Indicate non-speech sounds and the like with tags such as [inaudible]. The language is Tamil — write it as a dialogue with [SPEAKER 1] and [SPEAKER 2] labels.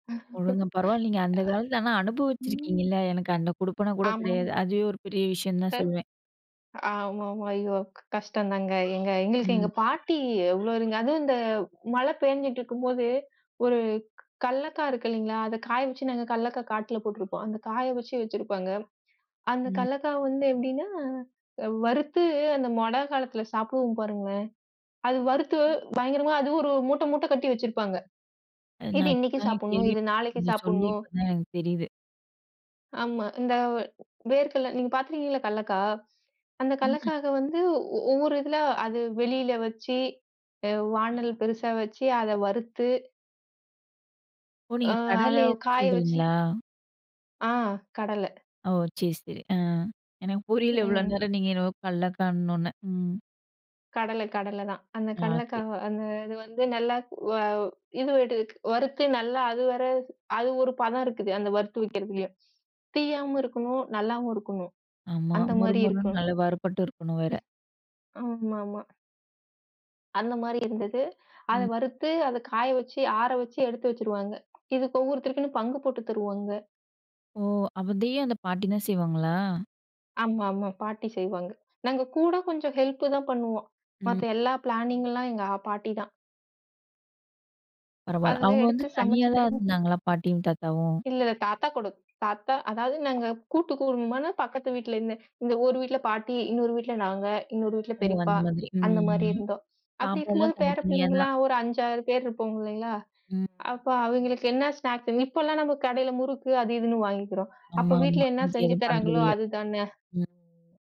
[SPEAKER 1] [laughs] அ,
[SPEAKER 2] ஒழுங்கா பரவால்லீங்க அந்தக் காலத்துல, ஆனா அனுபவிச்சிருக்கீங்க
[SPEAKER 1] ம்.
[SPEAKER 2] இல்ல, எனக்கு அந்தக் குடுப்பனா கூடக்
[SPEAKER 1] ஆமாம்.
[SPEAKER 2] கிடையாது. அதுவே ஒரு பெரிய விஷயம்னுதான் சொல்லுவேன்.
[SPEAKER 1] ஆமாமா. ஐயோ! கஷ்டம்தாங்க. எங்க எங்களுக்கு எங்க
[SPEAKER 2] ம்.
[SPEAKER 1] பாட்டி எவ்ளோ அதுவும் இந்த மழை பெய்ஞ்சிட்டுருக்கும்போது ஒரு கல்லக்காய் இருக்கு இல்லீங்களா, அத காய வச்சு நாங்க கல்லக்காய் காட்டுல போட்டுருப்போம். அந்த காய வச்சு வச்சிருப்பாங்க. அந்த
[SPEAKER 2] ம்.
[SPEAKER 1] கல்லக்காய் வந்து எப்படின்னா, அ வறுத்து அந்த மழை காலத்துல சாப்பிடுவோம் பாருங்க. அது வறுத்து பயங்கரமா அது ஒரு மூட்ட மூட்ட கட்டி வச்சிருப்பாங்க.
[SPEAKER 2] அ
[SPEAKER 1] "இது
[SPEAKER 2] நான் இப்ப
[SPEAKER 1] இன்னைக்கு
[SPEAKER 2] தான்
[SPEAKER 1] சாப்பிடணும். இது
[SPEAKER 2] கேள்விப்பட்டு,
[SPEAKER 1] நாளைக்கு
[SPEAKER 2] நீங்கச் சொல்லி
[SPEAKER 1] சாப்பிடணும்."
[SPEAKER 2] இப்ப தான் எனக்குத் தெரியுது.
[SPEAKER 1] ஆமா, இந்த வேர்க்கல்ல நீங்கப் பாத்துருக்கீங்களா கல்லக்காய். அந்தக்
[SPEAKER 2] ம்.
[SPEAKER 1] கல்லக்காக வந்து ஒவ்வொரு இதுல அது வெளில வச்சு. அ வானல் பெருசா வச்சு. அத வறுத்து
[SPEAKER 2] ஓ!
[SPEAKER 1] உ
[SPEAKER 2] நீங்கக்
[SPEAKER 1] அத
[SPEAKER 2] கடலையா தான்
[SPEAKER 1] காய வச்சு
[SPEAKER 2] சொல்றீங்களா?
[SPEAKER 1] அ, கடலை.
[SPEAKER 2] ஓ! சேரி, சரி. அ எனக்குப் புரியல இவ்ளோ
[SPEAKER 1] ம்.
[SPEAKER 2] நேரம் நீங்க என்னவோ, கள்ளக்கான்னோன. ம்.
[SPEAKER 1] கடலை கடலைதான். அந்தக்
[SPEAKER 2] ஆ. சரி.
[SPEAKER 1] கல்லக்காவ அந்த அது வந்து நல்லா, கு வ இது எடுக் வறுத்து நல்லா அது வரை. அது ஒரு பதம் இருக்குது. அந்த வறுத்து வைக்கிறதுலயும். தீயாம இருக்கணும், நல்லாவும் இருக்கணும்.
[SPEAKER 2] ஆமா,
[SPEAKER 1] அந்த மாதிரி
[SPEAKER 2] முறுமுறுன்னு
[SPEAKER 1] இருக்கணும்.
[SPEAKER 2] நல்லா வறுபட்டு இருக்கணும் வேற!
[SPEAKER 1] ஆமாமா. அந்த மாதிரி இருந்தது. அத
[SPEAKER 2] ம்.
[SPEAKER 1] வறுத்து, அத காய வச்சு, ஆற வச்சு எடுத்து வச்சிருவாங்க. இது ஒவ்வொருத்தருக்கும் பங்கு போட்டுத் தருவாங்க.
[SPEAKER 2] ஓ! அதையும் அந்தப் பாட்டி தான் செய்வாங்களா?
[SPEAKER 1] ஆமாமா, பாட்டி செய்வாங்க. நாங்க கூடக் கொஞ்சம் ஹெல்ப் தான் பண்ணுவோம்.
[SPEAKER 2] ம்.
[SPEAKER 1] மத்த எல்லா பிளானிங் எல்லாம் எங்க ஆ பாட்டிதான்.
[SPEAKER 2] பரவால்ல.
[SPEAKER 1] அதுல
[SPEAKER 2] அவங்க வந்து
[SPEAKER 1] எடுத்துச்
[SPEAKER 2] தனியா தான்
[SPEAKER 1] சமைச்சிக்கிறது
[SPEAKER 2] இருந்தாங்களா பாட்டியும் தாத்தாவும்?
[SPEAKER 1] இல்ல, தாத்தா கூட தாத்தா அதாவது நாங்க கூட்டு குடும்பபான பக்கத்து வீட்டுல இந்த. இந்த ஒரு வீட்டுல பாட்டி, இன்னொரு வீட்டுல நாங்க, இன்னொரு வீட்டுல
[SPEAKER 2] ஓ!
[SPEAKER 1] பெரியப்பா,
[SPEAKER 2] அந்த மாதிரி.
[SPEAKER 1] அந்த மாரி
[SPEAKER 2] ம்.
[SPEAKER 1] இருந்தோம். அப்படி இருக்கும்போது
[SPEAKER 2] சாப்பாடெல்லாம்
[SPEAKER 1] பேரப்
[SPEAKER 2] தனித்தனியா தான்.
[SPEAKER 1] பிள்ளைங்கலாம் ஒரு 5, 6 பேர் இருப்போம் இல்லீங்களா,
[SPEAKER 2] ம்.
[SPEAKER 1] அப்ப அவங்களுக்கு என்ன ஸ்னாக்ஸ், இப்ப எல்லாம் நம்ம கடைல முறுக்கு அது இதுன்னு வாங்கிக்கிறோம். அப்போ
[SPEAKER 2] ஆமாமா.
[SPEAKER 1] வீட்டுல என்ன
[SPEAKER 2] மிந்தி
[SPEAKER 1] செஞ்சு
[SPEAKER 2] எதுவும் பண்றது
[SPEAKER 1] தராங்களோ
[SPEAKER 2] இல்ல.
[SPEAKER 1] அதுதான்ன!
[SPEAKER 2] ம்.